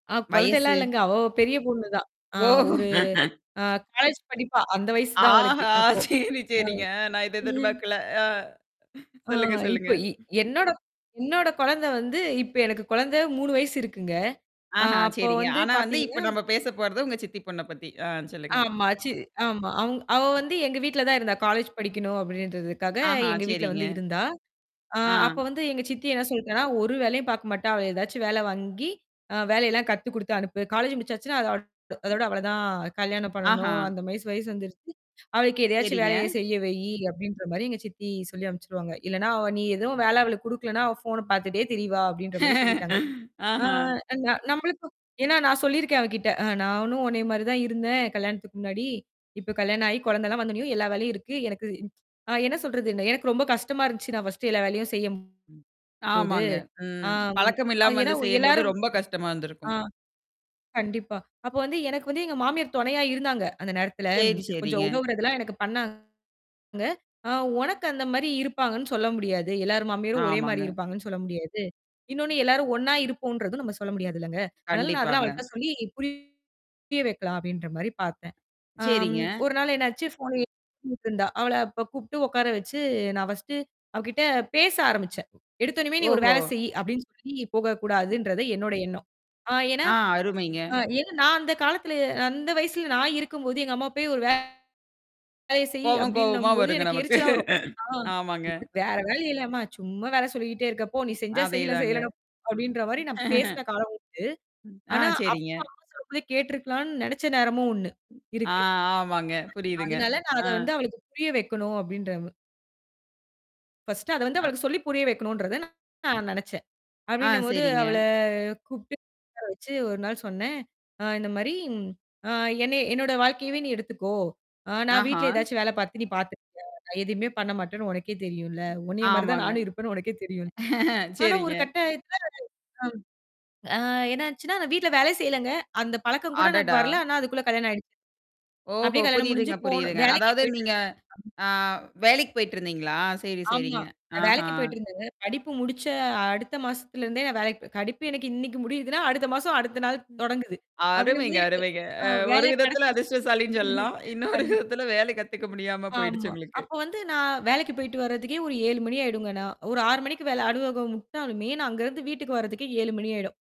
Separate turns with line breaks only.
ஆ கொழந்தைல்லாம்
வயசு.
இல்லங்க. அவ பெரிய பொண்ணுதான் ஆ
ஓஹ்!
ஒரு ஆ காலேஜ் படிப்பா, அந்த வயசு தான் அவளுக்கு
ஆஹா!
அப்போ,
சரி, சரிங்க. அ நான் இத
ம். ம்.
எதிர்பாக்கல. ஆ
ஆ
சொல்லுங்க, சொல்லுங்க.
இப்ப இ என்னோட என்னோட கொழந்த வந்து இப்ப எனக்கு குழந்த 3 வயசு இருக்குங்க. ஆ
ஆஹ
அப்போ
சரிங்க.
வந்து
ஆனா வந்து, இப்ப
பாத்தீங்கன்னா,
நம்ம பேச போறது உங்க சித்தி பொண்ண பத்தி. ஆ சொல்லுங்க.
ஆமா, சி ஆமா. அவங் அவ வந்து எங்க வீட்ல தான் இருந்தா காலேஜ் படிக்கணும் அப்படின்றதுக்காக,
ஆஹ!
எங்க வீட்ல
சேரிங்க.
வந்து இருந்தா. ஆ அப்ப
ஆ.
வந்து எங்க சித்தி என்ன சொல்ட்டான்னா ஒரு வேலையும் பாக்க மாட்டா. அவள ஏதாச்சும் வேல வாங்கி, அ வேலையெல்லாம் கத்து குடுத்து அனுப்பு காலேஜ் முடிச்சாச்சுன்னா, அத அவ அதோட அவ்வளவுதான் கல்யாணம் பண்ணணும்.
ஆஹா!
அந்த [unintelligible] வயசு வந்துருச்சு, அவளுக்கு எதையாச்சும்
சேரிங்க.
வேலைய செய்ய வை. அப்டின்ற மாரி எங்க சித்தி சொல்லி அனுப்பிச்சுருவாங்க. இல்லனா நீ எதுவும் வேலை அவளுக்கு குடுக்கலன்னா, அவ ஃபோன பாத்துட்டே திரிவா அப்டின்ற மாரி சொல்லிட்டாங்க. ஆ
ஆஹா!
நன் நம்மளுக்கு ஏன்னா, நான் சொல்லியிருக்கேன் அவகிட்ட. நானும் உன்னைய மாரி தான் இருந்தேன், கல்யாணத்துக்கு முன்னாடி. இப்ப கல்யாணம் ஆயி குழந்தெல்லாம் வந்தோனயும், எல்லா வேலையும் இருக்கு. எனக்கு ஆ என்ன சொல்றதுன எனக்கு ரொம்ப கஷ்டமா இருந்துச்சு. நான் ஃபர்ஸ்ட்டு எல்லா வேலையும் செய்யம் போது.
ஆமாங்க. ம்
அம்
பழக்கம்
அ
இல்லாம
ஏன்னா,
வந்து செய்யும்போது,
எல்லாரும்
ரொம்ப கஷ்டமா
ஆ.
இருந்திருக்கும்.
கண்டிப்பா. அப்போ வந்து எனக்கு வந்து எங்க மாமியார் தொணையா இருந்தாங்க, அந்த நேரத்துல.
சேரி,
கொஞ்சம்
சேரிங்க.
உதவுறதெல்லாம் எனக்கு பண்ணாங்க. அ உனக்கு அந்த மாரி இருப்பாங்கன்னு சொல்ல முடியாது. எல்லார் மாமியாரும் ஒரே
ஆமாங்க.
மாரி இருப்பாங்கன்னு சொல்ல முடியாது. இன்னொன்னு எல்லாரும் ஒண்ணா இருப்போங்கறதும், நம்ம சொல்ல முடியாதுல்லங்க. ஆனாலும் நான் அதெல்லாம்
கண்டிப்பாங்க.
அவள்ட்ட சொல்லி புரிய வைக்கலாம் அப்டின்ற மாரி பாத்தேன். ஆ.
சேரிங்க.
1 நாள் என்னாச்சு? ஃபோன் [unintelligible] இருந்தா. அவள அப்ப கூப்பிட்டு உட்கார வச்சு, நான் ஃபர்ஸ்ட்டு அவகிட்ட பேச ஆரம்பிச்சேன். எடுத்தோன்னிமே நீ ஒரு
ஓஹோ!
வேலை செய்யி, அப்டின்னு சொல்லி போகக்கூடாதுன்றது என்னோட எண்ணம். ஆ ஏன்னா
ஆ, அருமைங்க.
அ ஏன்னா நான் அந்த காலத்துல அந்த வயசுல நான் இருக்கும்போது, எங்க அம்மா போய் ஒரு வேலைய செய்யி
கோவம், கோவமா
அப்டின்னும்போது
வருங்க
எனக்கு
நமக்கு.
எரிச்சலா வரும். ஆ
ஆமாங்க.
உனக்கு வேற வேல இல்லயாம்மா? சும்மா வேல சொல்லிக்கிட்டே இருக்க? போ! நீ செஞ்சா செய்யி,
அதேதாங்க.
செய்யலனா போ, அப்படின்ற மாரி நான் பேசின காலம் உண்டு.
ஆ,
ஆனா, அப்ப
சரிங்க.
அவங்க சொல்றத கேட்டுருக்கலாம்ன்னு நெனச்ச நேரமும் ஒண்ணு
ஆ,
இருக்கு
ஆமாங்க. புரியுதுங்க.
அதனால, நான்
அ.
அத வந்து அவளுக்கு புரிய வைக்கணும் அப்டின்ற [unintelligible] ஃபர்ஸ்ட்டு அத வந்து
அ
அவளுக்கு சொல்லி புரிய வைக்கணுன்றது நான் நெனச்சேன்.
ஆ,
அப்டின்னும்போது அவள
சரிங்க.
கூப்பிட்டு, உக்கார வச்சு 1 நாள் சொன்னேன். ஆ இந்த மாரி அ என்ன என்னோட வாழ்க்கையவே நீ எடுத்துக்கோ! ஆ நான்
ஆஹ!
வீட்ல ஏதாச்சும் வேல பாத்து, நீ பாத்துருக்கியா? நான் எதையுமே பண்ண மாட்டேன்னு உனக்கே தெரியும்ல. உன்னைய மாரி தான்
ஆமாங்க.
நானும் இருப்பேன்னு உனக்கே தெரியும். ஆனா ஒரு
சேரிங்க.
கட்டத்துல ஆ என்னாச்சுன்னா நான் வீட்ல வேலை செய்யலங்க. அந்த பழக்கம் கூட எனக்கு
அடடா!
வரல. ஆனா அதுக்குள்ள கல்யாணம் ஆயிடுச்சு.
ஓஹோ!
அப்டியே கல்யாணம் முடிஞ்சு
புரியுதுங்க,
போணும்
புரியுதுங்க.
வேலைக்கு
அதாவது
போயிட்டு
நீங்க,
இருந்தேன். ம்.
ஆ வேலைக்கு போயிட்டுருந்தீங்களா? சரி,
ஆமா.
சரிங்க.
நான்
ஆஹ!
வேலைக்கு போயிட்டுருந்தேங்க. படிப்பு முடிச்ச அடுத்த மாசத்தில இருந்தே, நான் வேலைக்கு போ படிப்பு எனக்கு இன்னைக்கி முடியுதுன்னா, அடுத்த மாசம், அடுத்த நாள் தொடங்குது.
அருமைங்க,
அப்டிங்கும்போது,
அருமைங்க.
ஆ
அ ஒரு
வேல
விதத்துல
கெடைச்சருச்சு.
அதிர்ஷ்டசாலின்னு சொல்லலாம். இன்னொரு
கண்டிப்பா
விதத்தல வேலை கத்துக்க முடியாம
ஆமா.
போயிடுச்சு உங்களுக்கு.
அப்போ வந்து நான் வேலைக்கு போய்ட்டு வர்றதுக்கே ஒரு 7 மணி ஆயிடுங்க நான் ஒரு 6 மணிக்கு மேல அலுவலகம் வுட்டாலுமே, நான் அங்கருந்து வீட்டுக்கு வர்றதுக்கே 7 மணி ஆயிடும்.